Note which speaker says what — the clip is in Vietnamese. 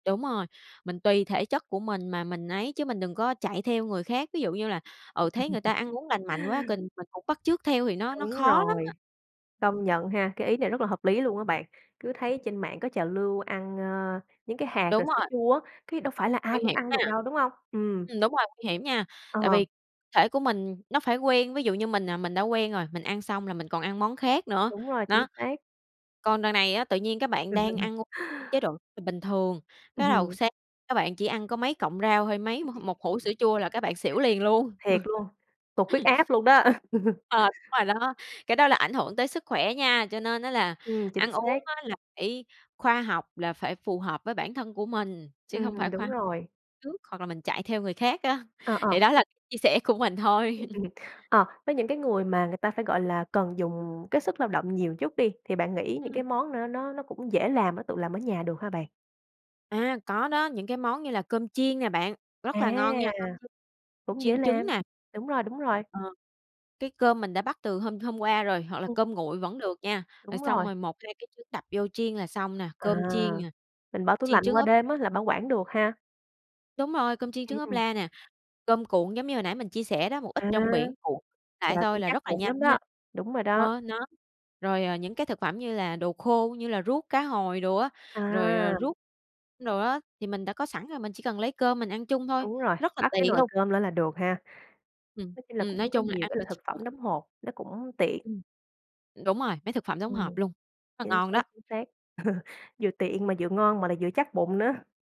Speaker 1: Đúng rồi, mình tùy thể chất của mình mà mình ấy chứ mình đừng có chạy theo người khác. Ví dụ như là, ừ, thấy người ta ăn uống lành mạnh quá kình mình cũng bắt chước theo thì nó nó
Speaker 2: Đúng
Speaker 1: khó lắm
Speaker 2: rồi,
Speaker 1: á.
Speaker 2: công nhận ha, cái ý này rất là hợp lý luôn á bạn, cứ thấy trên mạng có trào lưu ăn, ơ, những cái hạt
Speaker 1: Đúng
Speaker 2: rồi sữa
Speaker 1: rồi.
Speaker 2: chua á, cái đâu phải là ai
Speaker 1: Nguy
Speaker 2: cũng
Speaker 1: hiểm
Speaker 2: ăn được
Speaker 1: ha.
Speaker 2: đâu, đúng hông? Ừm.
Speaker 1: Ừm, đúng rồi, nguy hiểm nha, tại
Speaker 2: Ờ.
Speaker 1: vì thể của mình nó phải quen, ví dụ như mình, à, mình đã quen rồi, mình ăn xong là mình còn ăn món khác nữa,
Speaker 2: Đúng rồi, chính
Speaker 1: nó.
Speaker 2: xác.
Speaker 1: Còn đằng này á tự nhiên cái bạn đang ăn [unintelligible] chế độ, ờ, bình thường, cái đầu
Speaker 2: Ừm.
Speaker 1: sáng cái bạn chỉ ăn có mấy cọng rau hay mấy m một hũ sữa chua là cái bạn xỉu liền luôn.
Speaker 2: Thiệt luôn, tụt huyết áp luôn đó.
Speaker 1: Ờ, đúng rồi đó, cái đó là ảnh hưởng tới sức khỏe nha. Cho nên á là
Speaker 2: Ừm, chính
Speaker 1: ăn uống
Speaker 2: xác.
Speaker 1: á là phải khoa học, là phải phù hợp với bản thân của mình, chứ hông
Speaker 2: Ừm,
Speaker 1: phải khoa
Speaker 2: đúng
Speaker 1: học
Speaker 2: rồi.
Speaker 1: trước hoặc là mình chạy theo người khác á.
Speaker 2: Ờ,
Speaker 1: Thì
Speaker 2: ờ.
Speaker 1: đó là chia sẻ của mình
Speaker 2: [unintelligible]
Speaker 1: thôi.
Speaker 2: Ừm, ờ, với những cái người mà người ta phải, gọi là, cần dùng cái sức lao động nhiều chút đi thì bạn nghĩ những
Speaker 1: Ừm.
Speaker 2: cái món n nó nó cũng dễ làm, nó tự làm ở nhà được hả bạn?
Speaker 1: À, có đó, những cái món như là cơm chiên nè bạn,
Speaker 2: À,
Speaker 1: rất là ngon nha. Cơm chiên
Speaker 2: cũng dễ
Speaker 1: chiên trứng
Speaker 2: làm,
Speaker 1: nè.
Speaker 2: đúng rồi, đúng rồi.
Speaker 1: Ờ, cái cơm mình đã bắc từ hôm hôm qua rồi, hoặc là
Speaker 2: [unintelligible]
Speaker 1: cơm nguội vẫn được nha, rồi
Speaker 2: Đúng
Speaker 1: xong
Speaker 2: rồi.
Speaker 1: rồi 1, 2 cái trứng đập vô chiên là xong nè.
Speaker 2: À,
Speaker 1: Cơm chiên nè,
Speaker 2: mình bỏ tủ
Speaker 1: chiên
Speaker 2: lạnh
Speaker 1: trứng
Speaker 2: qua
Speaker 1: ốp
Speaker 2: đêm á là bảo quản được ha.
Speaker 1: Đúng rồi, cơm chiên
Speaker 2: Ừm,
Speaker 1: trứng ốp
Speaker 2: ừm.
Speaker 1: la nè, cơm cuộn giống như hồi nãy mình chia sẻ đó, một ít
Speaker 2: À,
Speaker 1: trong biển cuộn lại
Speaker 2: là
Speaker 1: thôi
Speaker 2: cũng
Speaker 1: là
Speaker 2: chắc
Speaker 1: rất là
Speaker 2: bụng
Speaker 1: nhanh
Speaker 2: lắm
Speaker 1: ha.
Speaker 2: đó, đúng rồi đó.
Speaker 1: Ờ, nó rồi, ờ, những cái thực phẩm như là đồ khô, như là ruốc cá hồi đồ á, rồi, ờ,
Speaker 2: À.
Speaker 1: ruốc đồ á, thì mình đã có sẵn rồi mình chỉ cần lấy cơm mình ăn chung thôi,
Speaker 2: Đúng rồi,
Speaker 1: rất là
Speaker 2: bắc cái
Speaker 1: tiện
Speaker 2: nồi
Speaker 1: luôn.
Speaker 2: cơm lên là được ha.
Speaker 1: Ừm,
Speaker 2: Nói chung là
Speaker 1: ừm, nói
Speaker 2: cũng có
Speaker 1: chung là
Speaker 2: nhiều
Speaker 1: ăn
Speaker 2: cái
Speaker 1: cho
Speaker 2: loại thực
Speaker 1: chắc bụng.
Speaker 2: phẩm đóng hộp, nó cũng tiện.
Speaker 1: Ừm. Đúng rồi, mấy thực phẩm đóng hộp
Speaker 2: Ừm,
Speaker 1: luôn, nó
Speaker 2: chính
Speaker 1: ngon
Speaker 2: xác,
Speaker 1: đó.
Speaker 2: chính xác, vừa tiện mà vừa ngon mà lại vừa chắc bụng nữa.